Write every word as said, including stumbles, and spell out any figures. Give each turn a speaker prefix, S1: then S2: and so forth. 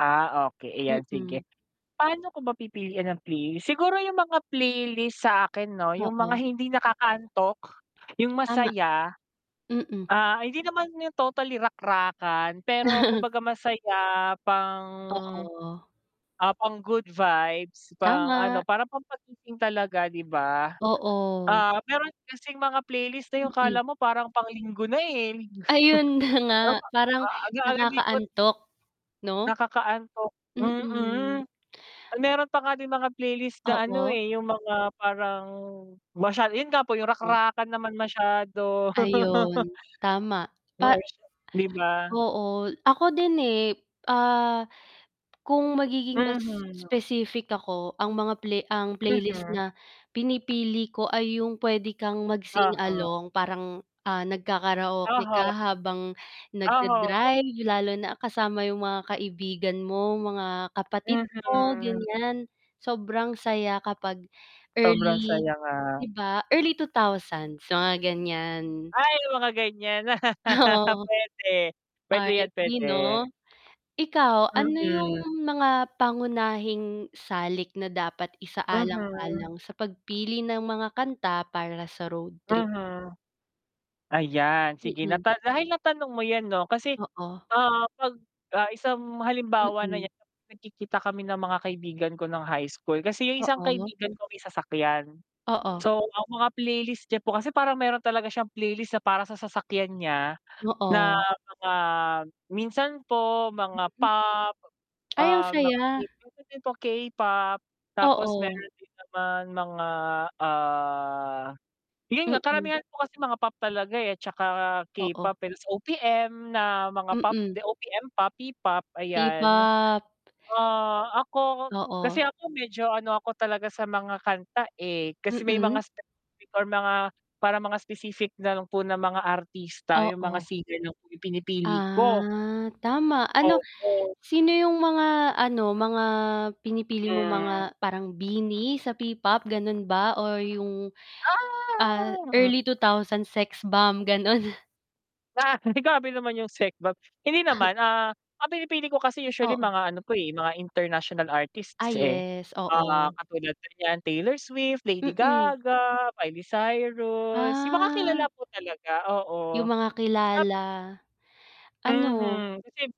S1: Ah, okey. Ayan
S2: Mm.
S1: sige, paano ko ba pipiliin ang playlist, siguro yung mga playlist sa akin 'no? Yung mga
S2: Oo.
S1: hindi nakakaantok, yung
S2: Tama.
S1: masaya.
S2: Mm.
S1: Ah, hindi naman yung totally rakrakan pero kumbaga masaya pang,
S2: Oo.
S1: ah, pang good vibes, pang ano,
S2: Tama.
S1: parang pangpagising talaga, 'di ba.
S2: Oo.
S1: Ah, mayro'n kasing mga playlist na yung akala
S2: Mm.
S1: mo parang pang-Linggo na, eh,
S2: Ayun na nga parang
S1: [unintelligible] likot.
S2: nakakaantok, 'no?
S1: Nakakaantok, mm.
S2: Mm.
S1: Ay mayro'n pa nga din mga playlist na ano,
S2: Oo.
S1: eh, yung mga parang, masyado 'yun nga po yung
S2: Oo.
S1: rakrakan naman masyado.
S2: Ayun, tama. Pa
S1: [unintelligible] 'Di ba?
S2: oo, ako din, eh, ah, kung magiging mas
S1: Mhm.
S2: specific ako ang mga play ang playlist
S1: Mhm.
S2: na pinipili ko ay yung puwede kang mag-sing
S1: Oho.
S2: along parang, ah, nagkakaraoke ka
S1: Oho.
S2: habang
S1: Oho.
S2: nag-da-drive lalo na kasama yung mga kaibigan mo, mga kapatid mo
S1: Mhm.
S2: ganyan, sobrang saya kapag
S1: Sobrang
S2: early,
S1: saya nga.
S2: 'di ba? Early two thousands mga gan'yan.
S1: Ay, mga gan'yan.
S2: Ah, oo.
S1: Puwede, puwede yan,
S2: R&B
S1: puwede.
S2: 'no? Ikaw ano yung
S1: Mm.
S2: mga pangunahing salik na dapat
S1: Mhm.
S2: isaalang-alang sa pagpili ng mga kanta para sa road trip?
S1: Mhm. Ayan, sige
S2: Mm.
S1: nata dahil natanong mo yan 'no kasi,
S2: Oo.
S1: ah, 'pag ah, isang halimbawa na
S2: Mm.
S1: niyan kapag nagkikita kami ng mga kaibigan ko nung high school, kasi yung isang
S2: Oo.
S1: kaibigan ko may sasakyan,
S2: Oo.
S1: so ang mga playlist niya po kasi parang mayro'n talaga siyang playlist na para sa sasakyan niya na
S2: Oo.
S1: mga minsan po mga
S2: Mm.
S1: pop,
S2: Ay, ang
S1: ah, mga
S2: saya.
S1: [unintelligible] din po K-pop, tapos
S2: Oo.
S1: mayro'n din naman mga ah, 'yun nga
S2: Mm.
S1: karamihan ko kasi mga pop talaga, eh,' tsaka
S2: Oo.
S1: K-pop, ta's O-P-M na mga pop,
S2: Mm.
S1: the O-P-M P-pop, ayan.
S2: P-pop.
S1: Ah, ako kasi
S2: Oo.
S1: ako medyo ano ako talaga sa mga kanta, eh, kasi may
S2: Mm.
S1: mga specific or mga parang mga specific na lang po ng mga artista, yung mga
S2: Oo.
S1: singer lang po yung pinipili ko.
S2: Ah, tama ano
S1: Oo.
S2: sino yung mga ano, mga pinipili mo
S1: Hmm.
S2: mga parang BINI sa P-pop gano'n ba or yung, ah,
S1: Ah!
S2: early two thousands Sexbomb gano'n?
S1: Grabe naman yung Sexbomb, hindi naman, ah, ang pinipili ko kasi usually
S2: Oo.
S1: mga ano po, eh, mga international
S2: Ah,
S1: artists, eh.
S2: yes,
S1: Ah,
S2: oo.
S1: katulad po niyan Taylor Swift, Lady
S2: Mm.
S1: Gaga, Miley Cyrus, yung mga kilala
S2: Ah.
S1: po talaga, oo.
S2: Yung mga
S1: Tap
S2: kilala, ano.
S1: Mhm, kasi